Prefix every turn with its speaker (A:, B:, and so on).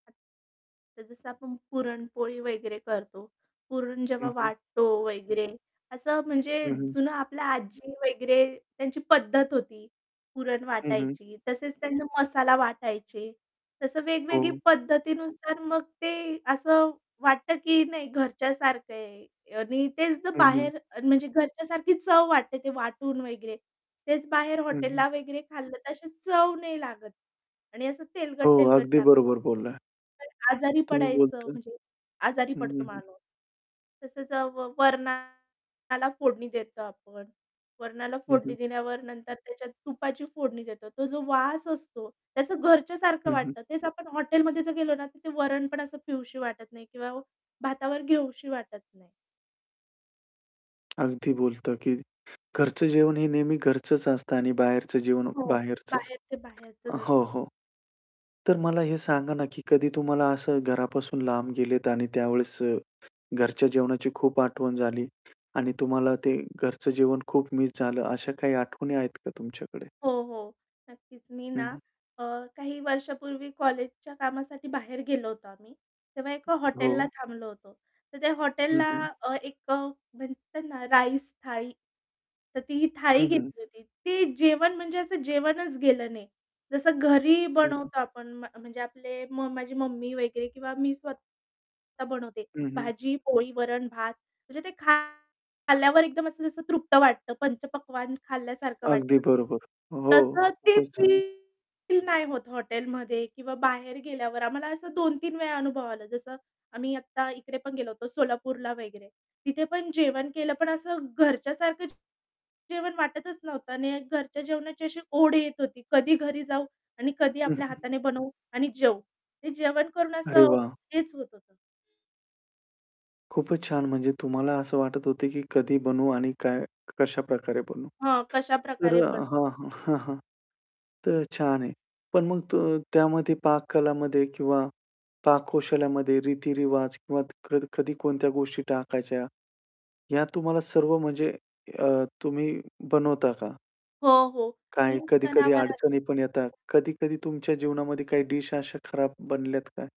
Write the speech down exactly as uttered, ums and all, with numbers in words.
A: तर जसं आपण पुरणपोळी वगैरे करतो, पुरण जेव्हा
B: हं, हं.
A: वाटतो वगैरे असं म्हणजे
B: हं, हं.
A: जुनं आपल्या आजी वगैरे त्यांची पद्धत होती. पुरण
B: हं, हं.
A: वाटायची, तसेच त्यांना मसाला वाटायचे. तसं वेगवेगळी
B: हो.
A: पद्धतीनुसार मग ते असं वाटतं, की नाही घरच्यासारखं आहे आणि तेच जर
B: हं, हं.
A: बाहेर म्हणजे घरच्यासारखी चव वाटते ते वाटून वगैरे. तेच बाहेर
B: हं, हं.
A: हॉटेलला वगैरे खाल्लं तर तशी चव नाही लागत आणि असं
B: हो,
A: तेलकट-तेलकट
B: अगदी
A: लागतं.
B: बरोबर बोलला.
A: [unintelligible] आजारी
B: तुम्ही
A: पडायचं
B: बोलता हं,
A: म्हणजे आजारी पडतो
B: हं, हं.
A: माणूस. तसंच अ, व वरणाला फोडणी देतो आपण. वरणाला
B: हं,
A: फोडणी
B: हं.
A: देण्यावर नंतर त्याच्यात तुपाची फोडणी देतो. तो जो वास असतो, त्याचं घरच्यासारखं
B: हं, हं.
A: वाटतं. तेच आपण हॉटेलमध्ये जर गेलो ना, तर ते वरण पण असं पिऊशी वाटत नाही किंवा भातावर घेऊशी वाटत नाही.
B: अगदी बोलतात, की घरचं जेवण हे नेहमी घरचंच असतं आणि बाहेरचं जेवण
A: हो,
B: बाहेरचंच.
A: बाहेर ते बाहेरच
B: अ, हो,
A: असतं.
B: हो, तर मला
A: [unintelligible]
B: हे सांगा ना, की कधी तुम्हाला असं घरापासून लांब गेलेत आणि त्यावेळेस अ, घरच्या जेवणाची खूप आठवण झाली आणि तुम्हाला ते घरचं जेवण खूप मिस झालं? अशा काही आठवणी आहेत का तुमच्याकडे?
A: हो, हो. नक्कीच. मी
B: हं,
A: ना
B: हं.
A: अ, काही वर्षांपूर्वी कॉलेजच्या कामासाठी बाहेर गेलो होतो आम्ही. तेव्हा एका
B: हो.
A: हॉटेलला थांबलो होतो. तर त्या
B: हं,
A: हॉटेलला
B: हं.
A: अ, एक अ, म्हणते ना राईस थाळी, तर ती ही थाळी
B: हं, हं.
A: घेतली होती. ती जेवण म्हणजे असं जेवणच गेलं नाही. जसं घरी
B: हं.
A: बनवतो आपण. म्ह म्हणजे आपले म माझी मम्मी वगैरे किंवा मी स्वतः बनवते.
B: हं, हं.
A: भाजी, पोळी, वरण, भात म्हणजे ते खा खाल्ल्यावर एकदम असं जसं तृप्त वाटतं, पंचपक्वान्न खाल्ल्यासारखं
B: अगदी
A: वाटतं.
B: बरोबर. हो,
A: तसंच ते
B: खूपच छान!
A: फील नाही होत हॉटेलमध्ये किंवा बाहेर गेल्यावर. आम्हाला असं दोन तीन वेळा अनुभव आला. जसं आम्ही आत्ता इकडे पण गेलो होतो सोलापूरला वगैरे. तिथे पण जेवण केलं, पण असं घरच्यासारखं जेवण वाटतच नव्हतं आणि घरच्या जेवणाची अशी ओढ येत होती. कधी घरी जाऊ आणि कधी
B: हं,
A: आपल्या
B: हं.
A: हाताने बनवू आणि जेऊ. ते जेवण करून
B: अरे
A: असं
B: वाह!
A: हेच होत होतं.
B: खूपच छान. म्हणजे तुम्हाला असं वाटत होतं, की कधी बनवू आणि काय कशाप्रकारे बनवू?
A: हां,
B: तर
A: कशाप्रकारे
B: अ
A: बनव.
B: हां, हां, हां, हां. तर छान आहे. पण मग त त्यामध्ये पाककला किंवा पाककौशल्यामध्ये रीती-रिवाज किंवा क कध कधी कोणत्या गोष्टी टाकायच्या, ह्या तुम्हाला सर्व म्हणजे अ, तुम्ही बनवता का?
A: हो, हो, मी
B: काय कधी-कधी
A: सणावारा
B: अडचणी पण येतात. कधी-कधी तुमच्या जीवनामध्ये काही डिश अशा खराब बनल्यात का?